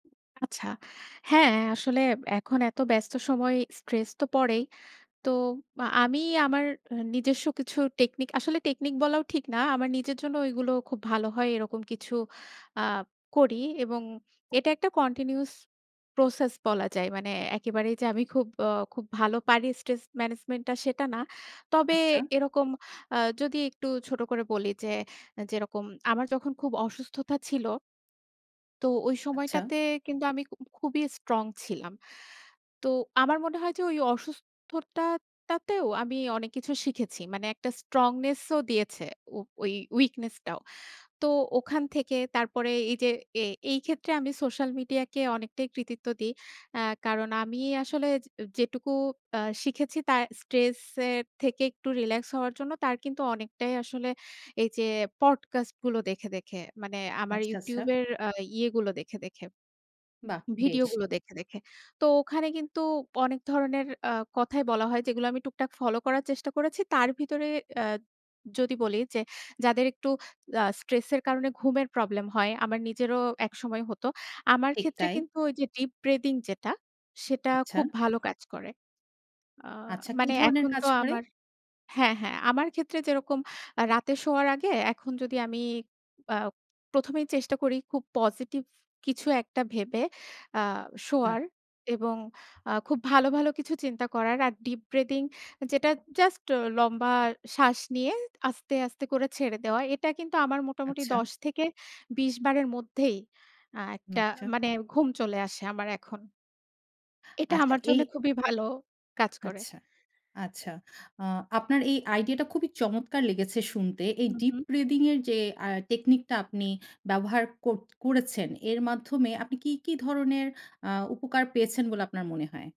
আচ্ছা। হ্যাঁ, আসলে এখন এত ব্যস্ত সময় স্ট্রেস তো পড়েই। তো, আ আমি আমার নিজস্ব কিছু টেকনিক আসলে টেকনিক বলাও ঠিক না। আমার নিজের জন্য এগুলো খুব ভালো হয় এরকম কিছু আ করি। এবং এটা একটা কন্টিনিউয়াস প্রসেস বলা যায়। মানে একেবারেই যে আমি খুব অ খুব ভালো পারি স্ট্রেস ম্যানেজমেন্ট টা সেটা না। তবে আচ্ছা। এরকম আ যদি একটু ছোট করে বলি যে, যেরকম আমার যখন খুব অসুস্থতা ছিল। তো ওই আচ্ছা। সময়টাতে কিন্তু আমি খু খুবই স্ট্রং ছিলাম। তো আমার মনে হয় যে ওই অসুস্থতাটাতেও, আমি অনেক কিছু শিখেছি। মানে একটা স্ট্রংনেস ও দিয়েছে। ও ওই উইকনেস টাও। তো ওখান থেকে তারপরে এই যে এ এই ক্ষেত্রে আমি সোশ্যাল মিডিয়াকে অনেকটাই কৃতিত্ব দেই। আ কারণ আমি আসলে যে যেটুকু আ শিখেছি তার স্ট্রেস এর থেকে একটু রিল্যাক্স হওয়ার জন্য তার কিন্তু অনেকটাই আসলে এই যে, পডকাস্ট গুলো দেখে, দেখে। মানে আমার আচ্ছা, আচ্ছা। YouTube এর আ ইয়েগুলো দেখে, দেখে। বাহ! ভিডিও বেশ। গুলো দেখে, দেখে। তো ওখানে কিন্তু অনেক ধরনের আ কথাই বলা হয়, যেগুলো আমি টুকটাক ফলো করার চেষ্টা করেছি। তার ভিতরে আ যদি বলি যে, যাদের একটু আ স্ট্রেস এর কারণে ঘুমের প্রবলেম হয়, আমার নিজেরও একসময় হতো। আমার ঠিক ক্ষেত্রে তাই। কিন্তু ওই যে ডীপ ব্রিথিং যেটা, সেটা আচ্ছা। খুব ভালো কাজ করে। আ আচ্ছা, কি মানে ধরনের এখন কাজ তো করে? আমার হ্যাঁ, হ্যাঁ আমার ক্ষেত্রে যেরকম রাতে শোয়ার আগে এখন যদি আমি আ ১ম এই চেষ্টা করি খুব পজিটিভ কিছু একটা ভেবে আ বাহ! শোয়ার এবং আ খুব ভালো, ভালো কিছু চিন্তা করার আর ডীপ ব্রিথিং যেটা জাস্ট লম্বা শ্বাস নিয়ে আস্তে, আস্তে করে ছেড়ে দেওয়া। এটা কিন্তু আমার মোটামুটি আচ্ছা। ১০-২০ বারের মধ্যেই আ একটা আচ্ছা। মানে ঘুম চলে আসে আমার এখন। এটা আচ্ছা আমার জন্য এই খুবই ভালো কাজ করে। আচ্ছা। আচ্ছা। আ আপনার এই আইডিইয়া টা খুবই চমৎকার লেগেছে শুনতে। এই হু, ডীপ হু। ব্রিথিং এর যে আ টেকনিক টা আপনি ব্যবহার কর করেছেন এর মাধ্যমে আপনি কী, কী ধরনের আ উপকার পেয়েছেন বলে আপনার মনে হয়?